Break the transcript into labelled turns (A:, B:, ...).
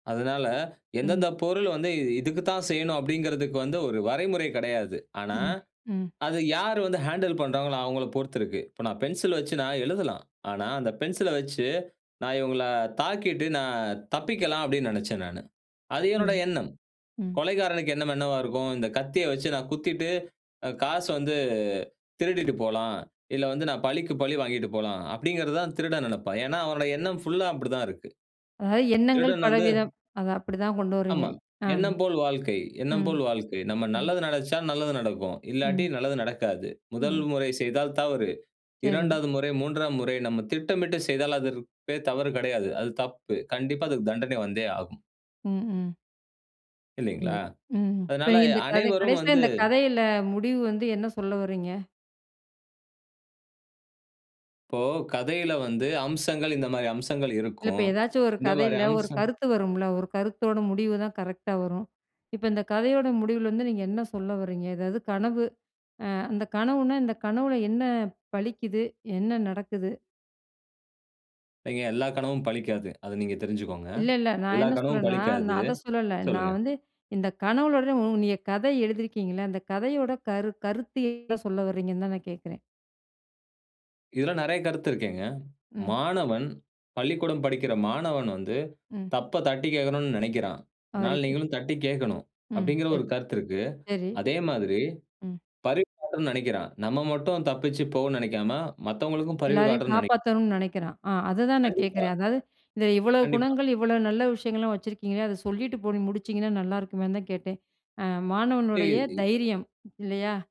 A: அதனால
B: ம்.
A: எந்தெந்த பொருள் வந்து, இ இதுக்கு தான் செய்யணும் அப்படிங்கிறதுக்கு வந்து ஒரு வரைமுறை கிடையாது. ஆனா,
B: ம். ம்.
A: அது யார் வந்து ஹேண்டில் பண்ணுறாங்களோ அவங்கள பொறுத்து இருக்கு. இப்போ நான் பென்சில் வச்சு நான் எழுதலாம். ஆனா அந்த பென்சில வச்சு நான் இவங்கள தாக்கிட்டு நான் தப்பிக்கலாம், அப்படின்னு நினைச்சேன் நானு. அது
B: சேரி.
A: என்னோட எண்ணம்.
B: ம்.
A: கொலைக்காரனுக்கு எண்ணம் என்னவா இருக்கும், இந்த கத்திய வைச்சு நான் குத்திட்டு, ஆ காசு வந்து திருடிட்டு போலாம். இல்ல வந்து நான் பழிக்கு பழி வாங்கிட்டு போலாம் அப்படிங்கிறது தான் திருடன் நினைப்பான். ஏன்னா அவனோட எண்ணம் ஃபுல்லா அப்படித்தான் இருக்கு.
B: அதாவது எண்ணங்கள்
A: திருடன் வந்து
B: பலவிதம். அத அப்படிதான் கொண்டு வர்றீங்க.
A: ஆமா.
B: ஆம்.
A: எண்ணம் போல் வாழ்க்கை, எண்ணம்
B: ம்.
A: போல் வாழ்க்கை. நம்ம
B: ம்.
A: நல்லது நெனைச்சா நல்லது நடக்கும். இல்லாட்டி
B: ம்.
A: நல்லது நடக்காது. 1
B: ம்.
A: முறை செய்தால் தவறு.
B: சரி.
A: 2வது முறை, 3ஆம் முறை நம்ம திட்டமிட்டு செய்தால், அதற்கு பெயர் தவறு கிடையாது. அது தப்பு, கண்டிப்பா அதுக்கு தண்டனை வந்தே ஆகும்.
B: ம். ம்.
A: இல்லைங்களா?
B: சரி. ம். இப்ப
A: அதனால
B: நீங்க
A: எ
B: இந்த கதை
A: அனைவரும்
B: கடைசியில
A: வந்து
B: இந்த கதையில முடிவு வந்து என்ன சொல்ல வர்றீங்க?
A: இப்போ கதையில வந்து அம்சங்கள், இந்த மாரி அம்சங்கள்
B: இல்ல இப்ப
A: இருக்கும்.
B: ஏதாச்சும் ஒரு
A: இந்த மாரி
B: கதையில ஒரு
A: அம்சம்
B: கருத்து வரும்ல? ஒரு கருத்தோட முடிவுதான் கரெக்ட்டா வரும். இப்ப இந்த கதையோட முடிவுல வந்து நீங்க என்ன சொல்ல வர்றீங்க? ஏதாவது கனவு, ஆ அந்த கனவுனா, இந்த கனவுல என்ன பலிக்குது? என்ன நடக்குது?
A: இல்லைங்க எல்லா கனவும் பலிக்காது. அத நீங்க தெரிஞ்சிகோங்க.
B: இல்ல, இல்ல. நான்
A: எல்லா
B: என்ன
A: கனவும்
B: சொல்றேன்னா,
A: பலிக்காது.
B: நான் அத சொல்லல.
A: சொல்லுங்க.
B: நான் வந்து இந்த கனவுளோட நீங்க கத எழுதியிருக்கீங்கள? அந்த கதையோட கரு கருத்து என்ன சொல்ல வர்றீங்கன்னு தான் நான் கேட்குறேன்.
A: இதில நிறைய கருத்து இருக்கேங்க.
B: ம்.
A: மாணவன், பள்ளிக்கூடம் படிக்கிற மாணவன் வந்து,
B: ம்.
A: தப்ப தட்டிக் கேட்கணும்னு நினைக்கிறான். அதனால
B: ஆரிப்பு.
A: நீங்களும் தட்டி கேட்கணும்,
B: ம்,
A: அப்டிங்கிற ஒரு
B: சரி.
A: கருத்து இருக்கு.
B: சரி.
A: அதே மாதிரி,
B: ம்.
A: பரிவு [unintelligible] காட்டன்னு நினைக்கிறான். நம்ம மட்டும் தப்பிச்சி போவோம் நினைக்காம மத்தவங்களுக்கும் பரிவு
B: எல்லாரையும்
A: காட்டணும்னு நெனை
B: காப்பாத்தணும்னு நினைக்கிறான். ஆ, அததான் நான்
A: கண்டிப்பா.
B: கேக்கிறேன். அதாது, இந்த இவ்வளோ
A: கண்டிப்பா.
B: குணங்கள், இவ்வளோ நல்ல விஷயங்கள்லாம் வச்சிருக்கீங்களே, அத சொல்லிட்டு போய் முடிச்சிங்கன்னா நல்லாயிருக்குமேன்னு தான் கேட்டேன். ஆ மாணவனுடைய
A: நீதி.
B: தைரியம். இல்லையா?